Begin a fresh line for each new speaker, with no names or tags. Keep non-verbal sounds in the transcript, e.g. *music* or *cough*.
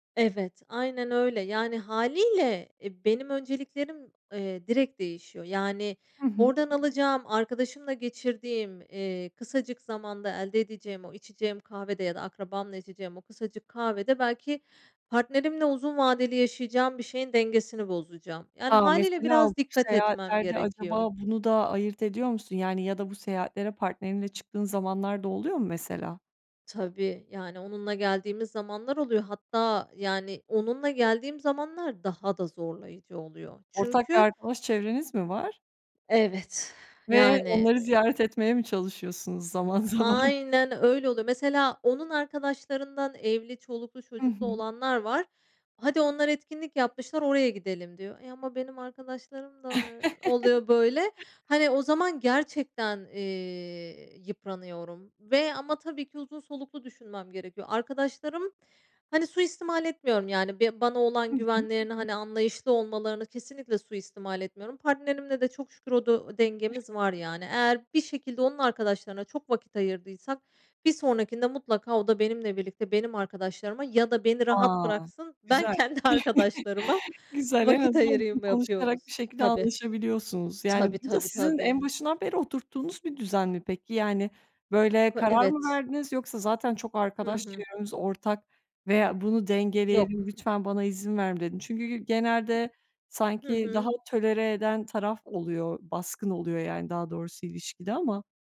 Evet, aynen öyle, yani hâliyle e, benim önceliklerim, eee, direkt değişiyor, yani,
Hı hı.
oradan alacağım arkadaşımla geçirdiğim, eee, kısacık zamanda elde edeceğim o içeceğim kahvede ya da akrabamla içeceğim o kısacık kahvede belki partnerimle uzun vadeli yaşayacağım bir şeyin dengesini bozacağım. Yani
A!
hâliyle
Mesela bu
biraz dikkat etmem
seyahatlerde
gerekiyor.
acaba bunu da ayırt ediyor musun, yani, ya da bu seyahatlere partnerinle çıktığın zamanlar da oluyor mu mesela?
Tabii, yani, onunla geldiğimiz zamanlar oluyor. Hatta yani onunla geldiğim zamanlar daha da zorlayıcı oluyor
Ortak bir
çünkü
arkadaş çevreniz mi var?
Evet *exhales*
Ve
yani
onları
eee
ziyaret etmeye mi çalışıyorsunuz
Iıı,
zaman zaman?
aynen öyle oluyor. Mesela onun arkadaşlarından evli, çoluklu
Hı
çocuklu
hı.
olanlar var. Hadi onlar etkinlik yapmışlar oraya gidelim diyor. Ya ama benim arkadaşlarım da oluyor böyle.
*chuckles*
Hani o zaman gerçekten, eee, yıpranıyorum ve ama tabii ki uzun soluklu düşünmem gerekiyor. Arkadaşlarım, hani, suistimal etmiyorum yani be bana
Hı
olan
hı.
güvenlerini hani anlayışlı olmalarını kesinlikle suistimal etmiyorum. Partnerimle de çok şükür o du
*chuckles*
dengemiz var yani eğer bir şekilde onun arkadaşlarına çok vakit ayırdıysak bir sonrakinde mutlaka o da benimle birlikte benim arkadaşlarıma ya da beni rahat
A!
bıraksın. Ben
Güzel.
kendi arkadaşlarıma
*chuckles* Güzel. En
vakit
azından *unintelligible*
ayırayım
konuşarak
yapıyoruz.
bir şekilde
Tabii.
anlaşabiliyorsunuz. Yani
Tabii,
bu da
tabii,
sizin en
tabii.
başından beri oturttuğunuz bir düzen mi peki? Yani böyle
K
karar mı
evet.
verdiniz yoksa zaten çok
Hı
arkadaş
hı.
çevremiz ortak veya bunu dengeleyelim,
Yok.
lütfen bana izin ver mi dedin? Çünkü
İ
genelde
Hı
sanki daha
hı.
tolere eden taraf oluyor, baskın oluyor yani daha doğrusu ilişkide ama.